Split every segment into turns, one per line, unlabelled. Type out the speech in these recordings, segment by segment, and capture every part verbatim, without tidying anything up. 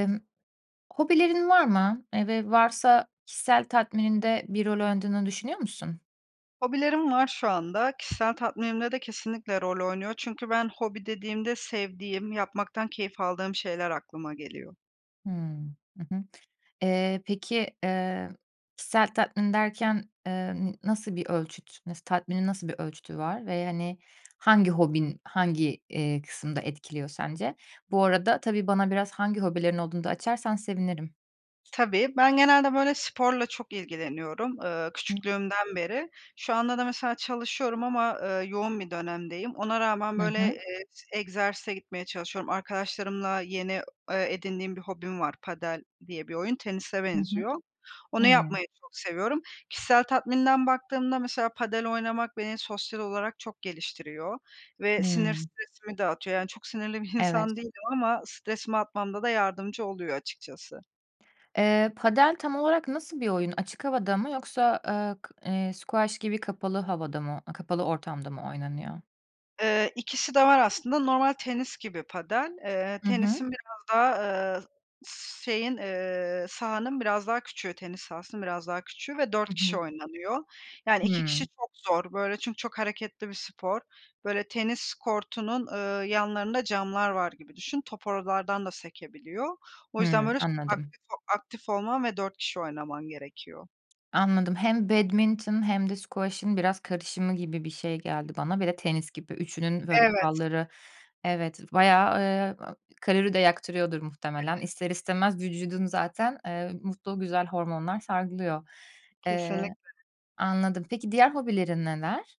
Imm, hobilerin var mı? Eee, ve varsa kişisel tatmininde bir rol oynadığını düşünüyor musun?
Hobilerim var şu anda kişisel tatminimde de kesinlikle rol oynuyor. Çünkü ben hobi dediğimde sevdiğim, yapmaktan keyif aldığım şeyler aklıma geliyor.
Hımm, hı hı, eee, peki, eee, kişisel tatmin derken, eee, hani, n nasıl bir ölçüt, tatminin nasıl bir ölçütü var. Ve, hani, hangi hobin hangi, eee, kısımda etkiliyor sence? Bu arada tabii bana biraz hangi hobilerin olduğunu da açarsan sevinirim.
Tabii ben genelde böyle sporla çok ilgileniyorum. Iıı,
Hıı.
küçüklüğümden beri. Şu anda da mesela çalışıyorum ama, ııı, yoğun bir dönemdeyim, ona rağmen
Hı
böyle,
hı.
eee, s egzersize gitmeye çalışıyorum. Arkadaşlarımla yeni, eee, edindiğim bir hobim var padel diye bir oyun, tenise
Hı hı.
benziyor, onu
Hımm.
yapmayı çok seviyorum. Kişisel tatminden baktığımda mesela padel oynamak beni sosyal olarak çok geliştiriyor ve sinir,
Hımm.
stresimi de atıyor. Yani, çok sinirli bir insan
Evet.
değilim ama stresimi atmamda da yardımcı oluyor açıkçası.
Eee, padel tam olarak nasıl bir oyun, açık havada mı yoksa, eee, k eee, squash gibi kapalı havada mı, kapalı ortamda mı oynanıyor?
Eee, ikisi de var aslında, normal tenis gibi padel, eee,
Hı hı.
tenisin biraz daha, ııı, s şeyin, eee, sahanın biraz daha küçüğü, tenis sahasının biraz daha küçüğü ve dört
Hı
kişi
hı.
oynanıyor. Yani, iki kişi
Hımm.
çok zor, böyle, çünkü çok hareketli bir spor. Böyle, tenis kortunun, eee, yanlarında camlar var gibi düşün. Top oralardan da sekebiliyor. O yüzden,
Hımm,
böyle, çok
anladım.
aktif ol aktif olman ve dört kişi oynaman gerekiyor.
Anladım. Hem badminton hem de squash'ın biraz karışımı gibi bir şey geldi bana. Bir de tenis gibi üçünün, böyle,
Evet.
kuralları evet bayağı, ııı, kalori de yaktırıyordur muhtemelen, ister
[unintelligible]
istemez vücudun zaten, eee, mutlu, güzel hormonlar salgılıyor. Eee,
Kesinlikle.
anladım, peki diğer hobilerin neler?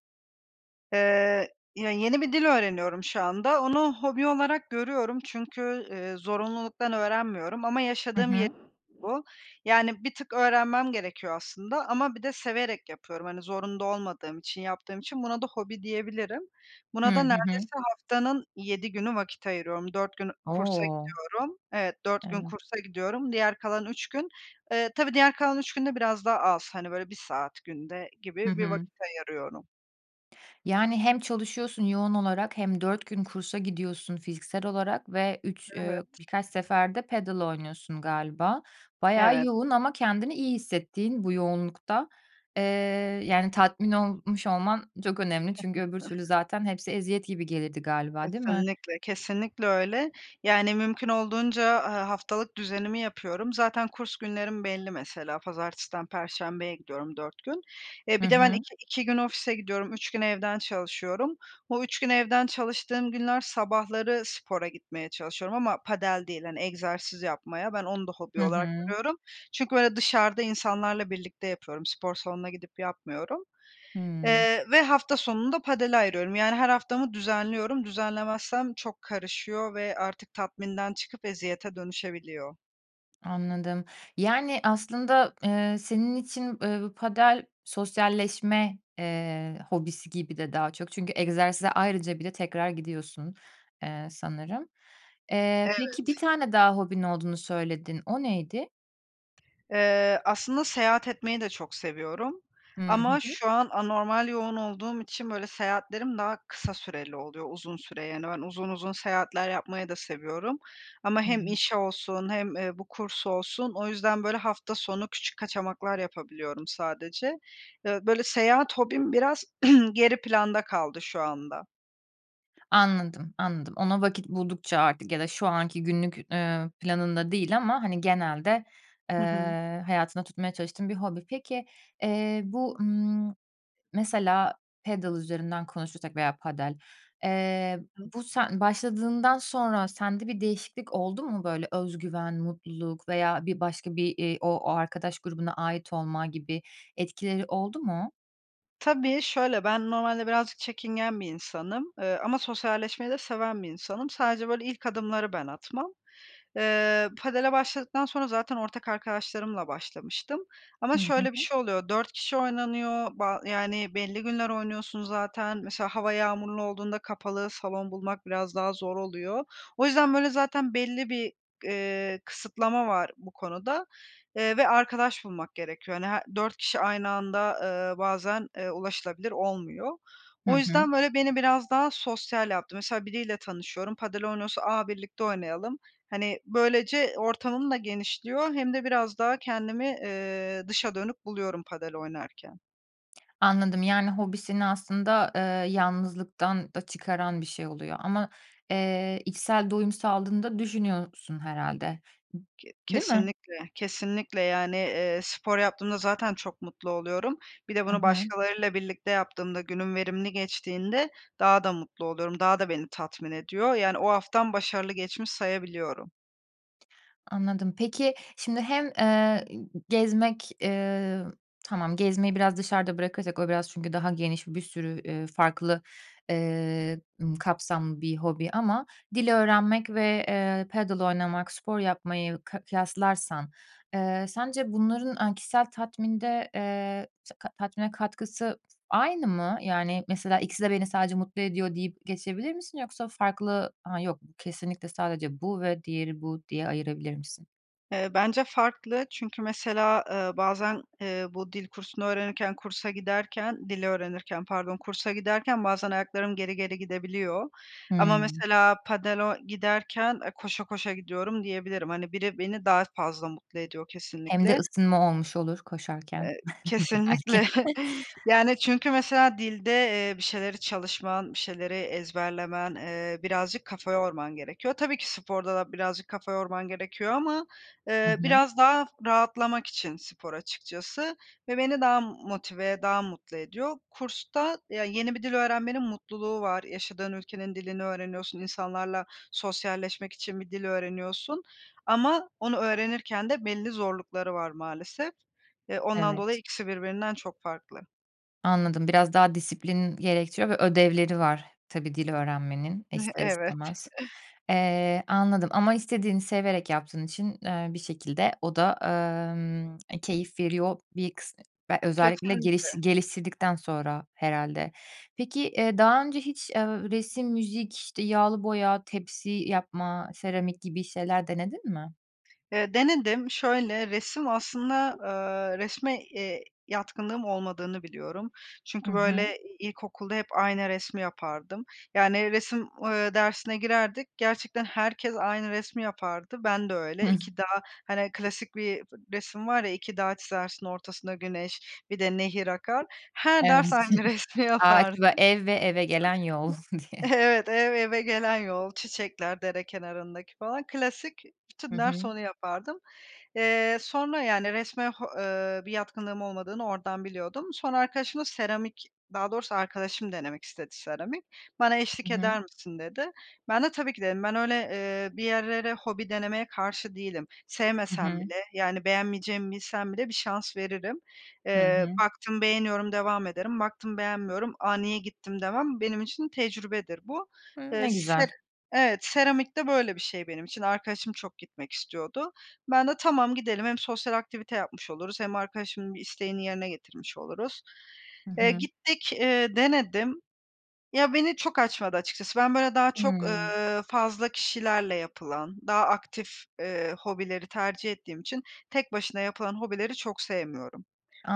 Eee, ya, yeni bir dil öğreniyorum şu anda, onu hobi olarak görüyorum çünkü, ııı, zorunluluktan öğrenmiyorum ama
Hı
yaşadığım yer
hı.
bu. Yani, bir tık öğrenmem gerekiyor aslında ama bir de severek yapıyorum, hani, zorunda olmadığım için yaptığım için buna da hobi diyebilirim.
Hı,
Buna da
hı hı.
neredeyse haftanın yedi günü vakit ayırıyorum, dört gün kursa
O!
gidiyorum. Evet, dört gün
Evet.
kursa gidiyorum, diğer kalan üç gün eee, tabii diğer kalan üç gün de biraz daha az, hani, böyle, bir saat günde
Hı
gibi bir
hı.
vakit ayırıyorum.
Yani, hem çalışıyorsun yoğun olarak hem dört gün kursa gidiyorsun fiziksel olarak ve üç eee,
Evet.
birkaç sefer de padel galiba. Bayağı
Evet.
yoğun. Ama kendini iyi hissettiğin bu yoğunlukta. Eee, yani, tatmin olmuş olman çok önemli. Çünkü öbür türlü
[unintelligible]
zaten hepsi eziyet gibi gelirdi galiba, değil mi?
Kesinlikle kesinlikle öyle. Yani, mümkün olduğunca, aaa, haftalık düzenimi yapıyorum. Zaten kurs günlerim belli mesela. Pazartesi'den Perşembe'ye gidiyorum dört gün. Eee,
Hı
bir de ben
hı.
iki iki gün ofise gidiyorum. üç gün evden çalışıyorum. O üç gün evden çalıştığım günler sabahları spora gitmeye çalışıyorum. Ama padel değil hani egzersiz yapmaya. Ben onu da
Hı
hobi olarak
hı.
görüyorum. Çünkü böyle dışarıda insanlarla birlikte yapıyorum, spor salonuna gidip yapmıyorum.
Hıı.
Eee ve hafta sonunu da padel ayırıyorum. Yani, her haftamı düzenliyorum. Düzenlemezsem çok karışıyor ve artık tatminden çıkıp eziyete dönüşebiliyor.
Anladım. Yani, aslında, eee, senin için, eee, bu padel sosyalleşme, eee, hobisi gibi de daha çok. Çünkü egzersize ayrıca bile tekrar gidiyorsun, eee, sanırım. Eee, peki, bir
Evet.
tane daha hobin olduğunu söyledin o neydi?
Eee, aslında seyahat etmeyi de çok seviyorum.
Hıı. Hı
Ama
hı.
şu an anormal yoğun olduğum için, böyle, seyahatlerim daha kısa süreli oluyor. Uzun süre, yani, ben uzun uzun seyahatler yapmayı da seviyorum ama hem
[unintelligible]
iş olsun hem, eee, bu kurs olsun; o yüzden, böyle, hafta sonu küçük kaçamaklar yapabiliyorum sadece. Iıı, böyle, seyahat hobim biraz geri planda kaldı şu anda.
Anladım anladım, ona vakit buldukça artık ya da şu anki günlük, eee, planında değil ama hani genelde,
Hı hı.
eee, hayatında tutmaya çalıştığın bir hobi. Peki, eee, bu, ımm, mesela pedıl üzerinden konuşursak veya padel, eee,
[unintelligible]
bu sen başladığından sonra sende bir değişiklik oldu mu böyle özgüven, mutluluk veya bir başka bir, iii, o arkadaş grubuna ait olma gibi etkileri oldu mu?
Tabii, şöyle, ben normalde birazcık çekingen bir insanım, eee, ama sosyalleşmeyi de seven bir insanım. Sadece böyle ilk adımları ben atmam. Eee, padel başladıktan sonra zaten ortak arkadaşlarımla başlamıştım ama
Hıı, hı
şöyle bir
hı.
şey oluyor, dört kişi oynanıyor ba yani, belli günler oynuyorsun zaten mesela hava yağmurlu olduğunda kapalı salon bulmak biraz daha zor oluyor. O yüzden böyle zaten belli bir, eee, kısıtlama var bu konuda, ııı, ve arkadaş bulmak gerekiyor. Hani, her dört kişi aynı anda, ııı, bazen, eee, ulaşılabilir olmuyor.
Hı
O
hı.
yüzden böyle beni biraz daha sosyal yaptı. Mesela biriyle tanışıyorum, Padel oynuyorsa, "A, birlikte oynayalım," hani, böylece ortamım da genişliyor hem de biraz daha kendimi, eee, dışa dönük buluyorum Padel oynarken.
Anladım. Yani, hobisini aslında, eee, yalnızlıktan da çıkaran bir şey oluyor ama, eee, içsel doyum sağladığını da düşünüyorsun herhâlde,
Ke
değil mi?
kesinlikle, kesinlikle. Yani, eee, spor yaptığımda zaten çok mutlu oluyorum. Bir de
Hı
bunu
hı.
başkalarıyla birlikte yaptığımda günüm verimli geçtiğinde daha da mutlu oluyorum daha da beni tatmin ediyor. Yani, o haftam başarılı geçmiş sayabiliyorum.
Anladım. Peki şimdi hem, eee, gezmek, eee tamam gezmeyi biraz dışarıda bırakacak o biraz çünkü daha geniş bir sürü, eee, farklı, ııı, ımm, kapsamlı bir hobi. Ama dil öğrenmek ve, eee, padel oynamak, spor yapmayı ka kıyaslarsan, eee, sence bunların, aaa, kişisel tatminde, eee, se ta tatmine katkısı aynı mı? Yani, mesela ikisi de beni sadece mutlu ediyor deyip geçebilir misin? Yoksa farklı, ha, yok kesinlikle sadece bu ve diğeri bu diye ayırabilir misin?
Eee, bence farklı. Çünkü mesela, eee, bazen, eee, bu dil kursunu öğrenirken kursa giderken, dil öğrenirken pardon kursa giderken bazen ayaklarım geri geri gidebiliyor. Ama
Hıı.
mesela padel o giderken, eee, koşa koşa gidiyorum diyebilirim. Hani, biri beni daha fazla mutlu ediyor
Hem de
kesinlikle.
ısınma olmuş olur koşarken
Eee, kesinlikle.
belki.
Yani ,çünkü mesela dilde, eee, bir şeyleri çalışman, bir şeyleri ezberlemen, eee, birazcık kafa yorman gerekiyor. Tabii ki sporda da birazcık kafa yorman gerekiyor ama,
Hı
eee,
hı.
biraz daha rahatlamak için spor açıkçası. Ve beni daha m motive, daha mutlu ediyor. Kursta, ya, yeni bir dil öğrenmenin mutluluğu var. Yaşadığın ülkenin dilini öğreniyorsun, insanlarla sosyalleşmek için bir dil öğreniyorsun. Ama onu öğrenirken de belli zorlukları var maalesef. E, ondan dolayı
Evet.
ikisi birbirinden çok farklı.
Anladım, biraz daha disiplin gerektiriyor ve ödevleri var tabii dil öğrenmenin ister
Evet.
istemez. Eee, anladım ama istediğini severek yaptığın için, eee, bir şekilde o da, aaa, ımm, e, keyif veriyor bir kıs be özellikle geliş
Kesinlikle.
geliştirdikten sonra herhâlde. Peki, eee, daha önce hiç, eee, resim, müzik, işte, yağlı boya, tepsi yapma, seramik gibi şeyler denedin mi?
Eee, denedim. Şöyle resim aslında, aaa, resme, eee, yatkınlığım olmadığını biliyorum.
Hı
Çünkü, böyle,
hı.
ilkokulda hep aynı resmi yapardım. Yani, resim, ııı, dersine girerdik gerçekten herkes aynı resmi yapardı. Bende öyle
Hıh.
iki dağ, hani, klasik bir resim var, ya, iki dağ çizersin ortasında güneş bir de nehir akar. Her
Evet.
ders aynı resmi
Ağaç
yapardım.
ve ev ve eve gelen yol diye.
[unintelligible] Evet, ev eve gelen yol, çiçekler dere kenarındaki falan. Klasik.
Hı
Bütün ders
hı.
onu yapardım. Eee, sonra yani resme ho eee, bir yatkınlığım olmadığını oradan biliyordum. Sonra arkadaşımla seramik daha doğrusu arkadaşım denemek istedi seramik. Bana
I
eşlik
hı.
eder misin, dedi. Ben de tabii ki, dedim. Ben öyle, eee, bir yerlere hobi denemeye karşı değilim.
I
Sevmesem
hı.
bile, yani, beğenmeyeceğimi bilsem bile bir şans veririm.
Hı
Eee,
hı.
baktım beğeniyorum devam ederim, baktım beğenmiyorum, "A, niye gittim?" demem, benim için tecrübedir bu.
Hıı,
Eee,
ne
se
güzel.
evet. Seramik de böyle bir şey benim için. Arkadaşım çok gitmek istiyordu. Ben de "Tamam, gidelim. Hem sosyal aktivite yapmış oluruz hem arkadaşımın bir isteğini yerine getirmiş oluruz."
Hı
Eee,
hı.
gittik, ııı, denedim. Ya, beni çok açmadı açıkçası. Ben, böyle, daha çok,
Hıı.
eee, fazla kişilerle yapılan, daha aktif, eee, hobileri tercih ettiğim için tek başına yapılan hobileri çok sevmiyorum.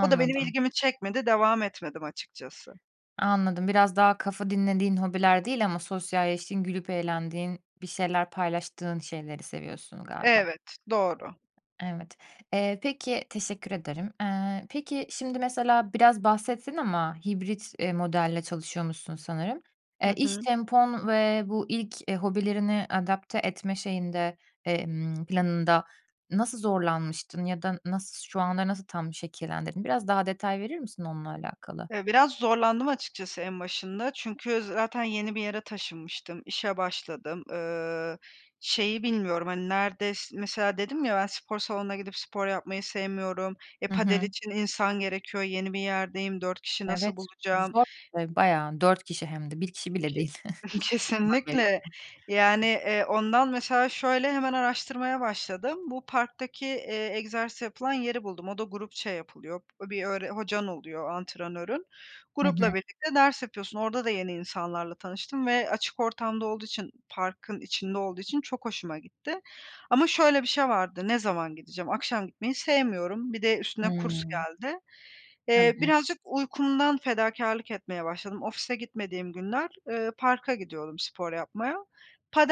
O da benim ilgimi çekmedi, devam etmedim açıkçası.
Anladım, biraz daha kafa dinlediğin hobiler değil ama sosyalleştiğin, gülüp eğlendiğin, bir şeyler paylaştığın şeyleri seviyorsun galiba.
Evet, doğru.
Evet, eee, peki, teşekkür ederim. Eee, peki, şimdi mesela biraz bahsettin ama hibrit, eee, modelle çalışıyormuşsun sanırım. Eee,
Hı
iş
hı.
tempon ve bu ilk, eee, hobilerini adapte etme şeyinde, emm planında nasıl zorlanmıştın? Ya da nasıl şu anda nasıl tam şekillendirdin? Biraz daha detay verir misin onunla alakalı?
Eee, biraz zorlandım açıkçası en başında çünkü zaten yeni bir yere taşınmıştım, işe başladım. Iıı, şeyi bilmiyorum. Hani, nerede mesela dedim ya ben spor salonuna gidip spor yapmayı sevmiyorum, e
Hı
padel
hı.
için insan gerekiyor. Yeni bir yerdeyim, dört kişi nasıl
Evet.
bulacağım?
Zor bir de bayağı. dört kişi hem de. bir kişi bile
Ke
değil. üç kişi var gereken.
kesinlikle. Yani, eee, ondan mesela şöyle hemen araştırmaya başladım. Bu parktaki, eee, egzersiz yapılan yeri buldum. O da grupça yapılıyor, bir öğre hocan oluyor antrenörün.
Hı hı.
Grupla birlikte ders yapıyorsun. Orada da yeni insanlarla tanıştım ve açık ortamda olduğu için parkın içinde olduğu için çok hoşuma gitti. Ama şöyle bir şey vardı: Ne zaman gideceğim? Akşam gitmeyi sevmiyorum, bir de üstüne kurs
Hıı.
geldi. Eee,
Tabii.
birazcık uykumdan fedakârlık etmeye başladım. Ofise gitmediğim günler, eee, parka gidiyodum spor yapmaya.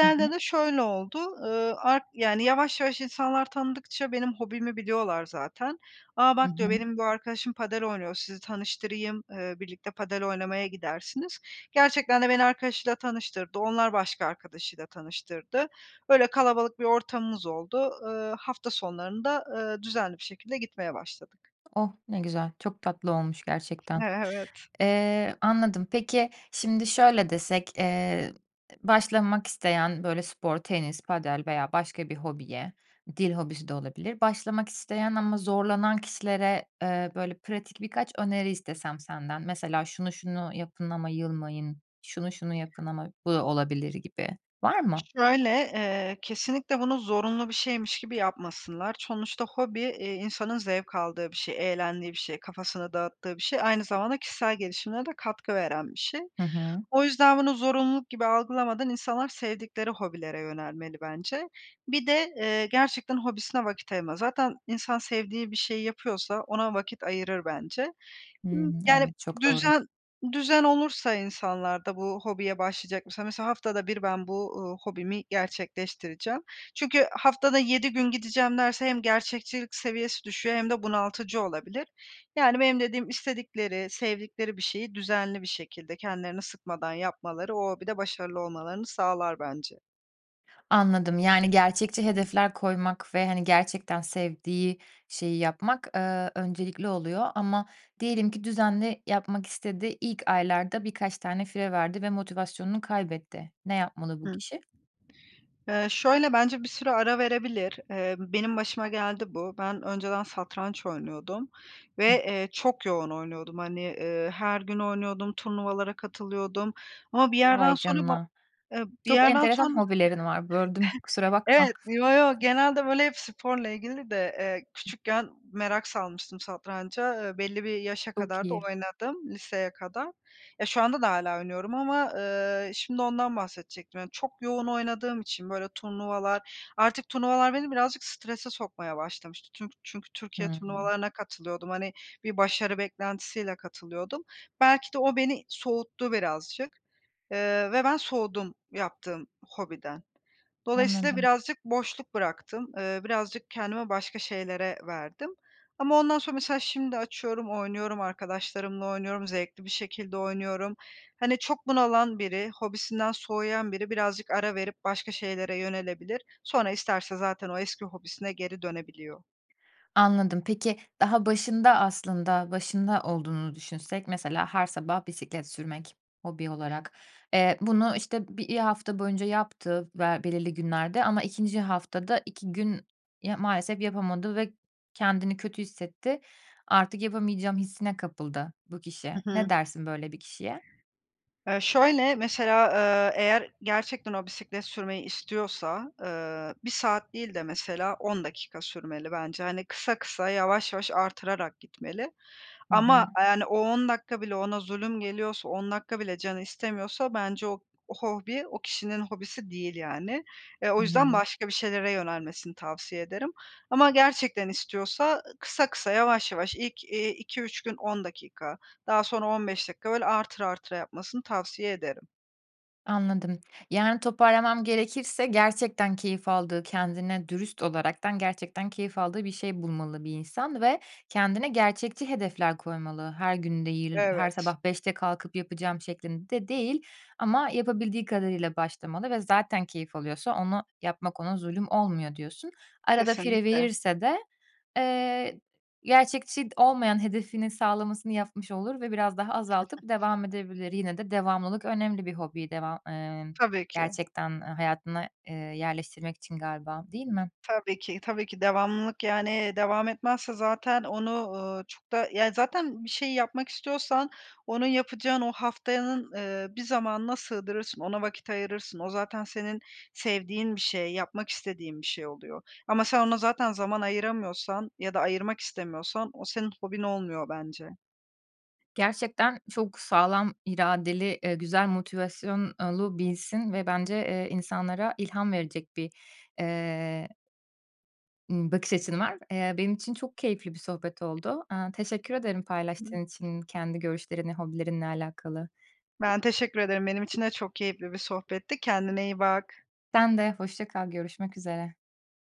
Hı hı.
de şöyle oldu, ııı, art yani, yavaş yavaş insanlar tanıdıkça benim hobimi biliyorlar zaten. "A,
Hı
bak.",
hı.
diyor, "Benim bu arkadaşım padel oynuyor, sizi tanıştırayım, eee, birlikte padel oynamaya gidersiniz." Gerçekten de beni arkadaşıyla tanıştırdı, onlar başka arkadaşıyla tanıştırdı. Öyle kalabalık bir ortamımız oldu. Iıı, hafta sonlarında, ııı, düzenli bir şekilde gitmeye başladık.
Oh, ne güzel. Çok tatlı olmuş gerçekten.
E evet.
Eee, anladım. Peki, şimdi şöyle desek, eee, başlamak isteyen böyle spor, tenis, padel veya başka bir hobiye, dil hobisi de olabilir. Başlamak isteyen ama zorlanan kişilere, eee, böyle pratik birkaç öneri istesem senden, mesela "Şunu, şunu yapın ama yılmayın."; "Şunu, şunu yapın ama bu da olabilir." gibi, var mı?
Şöyle, eee, kesinlikle bunu zorunlu bir şeymiş gibi yapmasınlar. Sonuçta hobi, eee, insanın zevk aldığı bir şey, eğlendiği bir şey, kafasını dağıttığı bir şey. Aynı zamanda kişisel gelişimine de katkı veren bir şey.
Hı hı.
O yüzden bunu zorunluluk gibi algılamadan insanlar sevdikleri hobilere yönelmeli bence. Bir de, eee, gerçekten hobisine vakit ayırma. Zaten insan sevdiği bir şeyi yapıyorsa ona vakit ayırır bence. Imm,
Hımm,
yani,
evet, çok doğru.
düzen düzen olursa insanlarda bu hobiye başlayacak mesela haftada bir ben bu, ııı, hobimi gerçekleştireceğim. Çünkü haftada yedi gün gideceğim derse, hem gerçekçilik seviyesi düşüyor hem de bunaltıcı olabilir. Yani, benim dediğim istedikleri, sevdikleri bir şeyi düzenli bir şekilde kendilerini sıkmadan yapmaları o hobide başarılı olmalarını sağlar bence.
Anladım. Yani, gerçekçi hedefler koymak ve, hani, gerçekten sevdiği şeyi yapmak, eee, öncelikli oluyor ama diyelim ki düzenli yapmak istedi, ilk aylarda birkaç tane fire verdi ve motivasyonunu kaybetti. Ne yapmalı bu
Hıı.
kişi?
Eee, şöyle, bence bir süre ara verebilir. Eee, benim başıma geldi bu. Ben önceden satranç oynuyordum ve,
Hıı.
eee, çok yoğun oynuyordum. Hani, ııı, her gün oynuyordum, turnuvalara katılıyordum ama bir yerden
Vay
sonra ba
canına.
eee, bir
Çok
yerden sonra
enteresan hobilerin var. Böldüm, kusura
evet,
bakma.
yo, yo genelde, böyle, hep sporla ilgili de, eee,
Hıı.
küçükken merak salmıştım satranca, eee, belli bir yaşa
Çok
kadar da
iyi.
oynadım liseye kadar. Ya, şu anda da hâlâ oynuyorum ama, eee, şimdi ondan bahsedecektim. Yani, çok yoğun oynadığım için böyle turnuvalar, artık turnuvalar beni birazcık strese sokmaya başlamıştı. Tünk çünkü Türkiye
Hımm.
turnuvalarına katılıyordum. Hani, bir başarı beklentisiyle katılıyordum. Belki de o beni soğuttu birazcık, eee, ve ben soğudum yaptığım hobiden. Dolayısıyla
Anladım.
birazcık boşluk bıraktım, eee, birazcık kendimi başka şeylere verdim. Ama ondan sonra mesela şimdi açıyorum, oynuyorum, arkadaşlarımla oynuyorum, zevkli bir şekilde oynuyorum. Hani, çok bunalan biri, hobisinden soğuyan biri birazcık ara verip başka şeylere yönelebilir. Sonra isterse zaten o eski hobisine geri dönebiliyor.
Anladım. Peki, daha başında aslında, başında olduğunu düşünsek mesela her sabah bisiklet sürmek hobi olarak. Eee, bunu, işte, bir hafta boyunca yaptı ve belirli günlerde ama ikinci haftada iki gün ya maalesef yapamadı ve kendini kötü hissetti. Artık yapamayacağım hissine kapıldı bu
Hı
kişi.
hı.
Ne dersin böyle bir kişiye?
E, şöyle, mesela, ııı, eğer gerçekten o bisiklet sürmeyi istiyorsa, ııı, bir saat değil de mesela on dakika sürmeli bence. Hani, kısa kısa, yavaş yavaş arttırarak gitmeli.
Hı
Ama,
hı.
eee, yani, o on dakika bile ona zulüm geliyorsa, on dakika bile canı istemiyorsa bence o o hobi o kişinin hobisi değil, yani. Eee, o
Hı
yüzden
hı.
başka bir şeylere yönelmesini tavsiye ederim. Ama gerçekten istiyorsa ı kısa kısa, yavaş yavaş ilk, iii, iki üç gün on dakika, daha sonra on beş dakika böyle artıra artıra yapmasını tavsiye ederim.
Anladım. Yani, toparlamam gerekirse gerçekten keyif aldığı, kendine dürüst olaraktan gerçekten keyif aldığı bir şey bulmalı bir insan ve kendine gerçekçi hedefler koymalı. Her gün değil, her
Evet.
sabah beşte kalkıp yapacağım şeklinde değil ama yapabildiği kadarıyla başlamalı ve zaten keyif alıyorsa onu yapmak ona zulüm olmuyor diyorsun. Arada fire
Kesinlikle.
verirse de, eee, gerçekçi d olmayan hedefinin sağlamasını yapmış olur ve biraz daha azaltıp devam edebilir, yine de devamlılık önemli. Bir hobiyi devam, eee,
Tabii ki.
gerçekten, eee, hayatına, ııı, yerleştirmek için galiba, değil mi?
Tabii ki, tabii ki. Devamlılık, yani, devam etmezse zaten onu, ııı, çok da, yani, zaten bir şey yapmak istiyorsan onu yapacağın o haftanın, ııı, bir zamanına sığdırırsın, ona vakit ayırırsın. O zaten senin sevdiğin bir şey, yapmak istediğin bir şey oluyor ama sen ona zaten zaman ayıramıyorsan ya da ayırmak istemiyorsan o senin hobin olmuyor bence.
Gerçekten çok sağlam iradeli, ııı, güzel motivasyonlu birisin ve bence, eee, insanlara ilham verecek bir, eee ımm, bakış açın var. Eee, benim için çok keyifli bir sohbet oldu. Aaa, teşekkür ederim paylaştığın
[unintelligible]
için kendi görüşlerini hobilerinle alakalı.
Ben teşekkür ederim. Benim için de çok keyifli bir sohbetti. Kendine iyi bak.
Sen de. Hoşça kal. Görüşmek üzere.